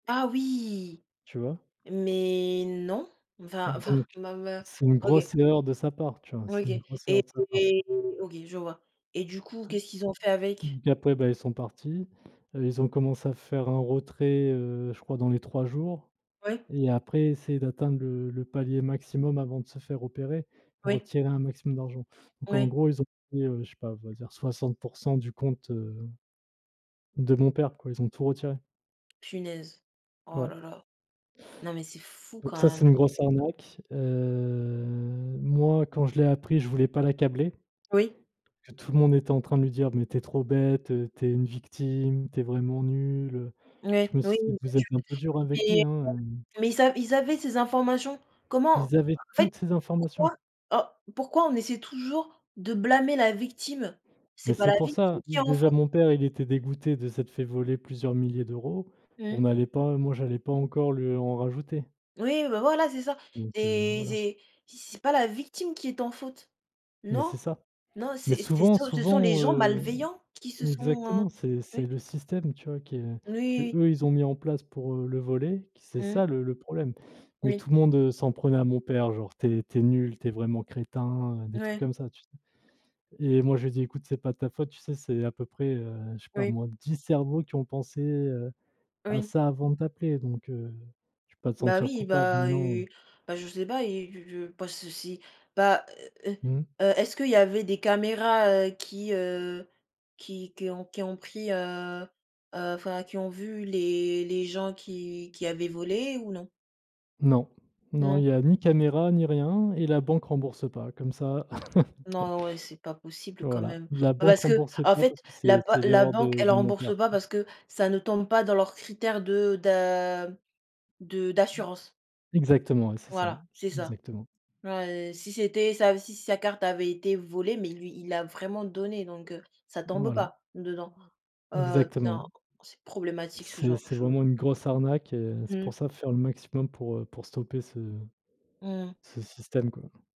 Ah oui, Tu vois? mais non, enfin enfin, Donc ma ma c'est une OK grosse erreur de sa part, tu vois, c'est OK, une et grosse et erreur de sa part. et et OK, je vois. Et du coup, Te qu'est-ce qu'ils ont fait avec? D après, bah, ils sont partis, heu, ils ont commencé à faire un retrait, heu, je crois dans les 3 jours Ouais. et après essayer d'atteindre le le palier maximum avant de se faire repérer, Ouais. retirer un maximum d'argent. Donc, en Ouais. gros, ils ont pris, heu je sais pas, on va dire 60 % du compte, heu, de mon père, quoi, ils ont tout retiré. Punaise. Oh Ouais. la la. Non mais c'est fou quand Donc ça, c'est même. une grosse arnaque, heu, moi, quand je l'ai appris, je voulais pas l'accabler Oui. tout le monde était en train de lui dire: «Mais tu es trop bête, heu, tu es une victime, tu es vraiment nul, heu». Je Ouais, me oui, suis dit: bien «Vous êtes un peu dur sur. avec lui, Oui hein, heu» mais, heu, mais ils avaient ils avaient ces informations? Comment? En Ils avaient fait, toutes ces informations. pourquoi, oh, pourquoi on essaie toujours de blâmer la victime? Mais C'est pas c'est la pour victime ça, qui est en déjà faute. mon père, il était dégoûté de s'être fait voler plusieurs milliers d'euros. Mmh. On allait pas moi, j'allais pas encore lui en rajouter Oui, bah voilà, c'est ça. donc, heu, C'est voilà. c'est si c'est pas la victime qui est en faute Mais non, c'est ça. non, Mais c'est c'est ce souvent sont ce sont les souvent, gens heu, malveillants qui se sont, heu exactement, c'est c'est ouais. le système, tu vois, que Oui. qu'eux ils ont mis en place pour, heu, le voler, c'est Mmh. ça le le problème. Mais Oui. tout le monde, heu, s'en prenait à mon père, genre: «Tu es tu es nul, tu es vraiment crétin», heu, des trucs Ouais. comme ça, tu sais? Et moi, je lui dis: «Écoute, c'est pas de ta faute, tu sais, c'est à peu près, heu, je sais pas Oui. moi, 10 cerveaux qui ont pensé, heu, à Oui. ça avant de t'appeler, donc, heu, je vais pas te Ben sentir oui, coupable, mais bah non». u bah je sais pas, ils je je pas ceci, bah, heu Mmh. heu, est-ce qu'il y avait des caméras, heu, qui heu, qui qui ont qui ont pris, heu heu, enfin, qui ont vu les les gens qui qui avaient volé ou non? Non, non il Non. n'y a ni caméra ni rien et la banque rembourse pas comme ça Non, ouais, c'est pas possible quand voilà, même. la Bah banque parce que, rembourse en pas fait, parce que la c'est ba c'est la l'erreur banque, de elle de mon père. rembourse pas parce que ça ne tombe pas dans leurs critères de d'a de d'assurance Exactement, ouais, c'est ça, ouais, voilà, c'est ça. exactement. Ouais. Si c'était ça, si si sa carte avait été volée, mais lui, il l'a vraiment donné, donc heu, ça tombe Voilà. pas dedans, heu, tiens, Exactement. c'est problématique ce C'est genre de c'est chose. vraiment une grosse arnaque et c'est Mmh. pour ça, il faut faire le maximum pour, heu, pour stopper ce Mmh mh. ce système, quoi.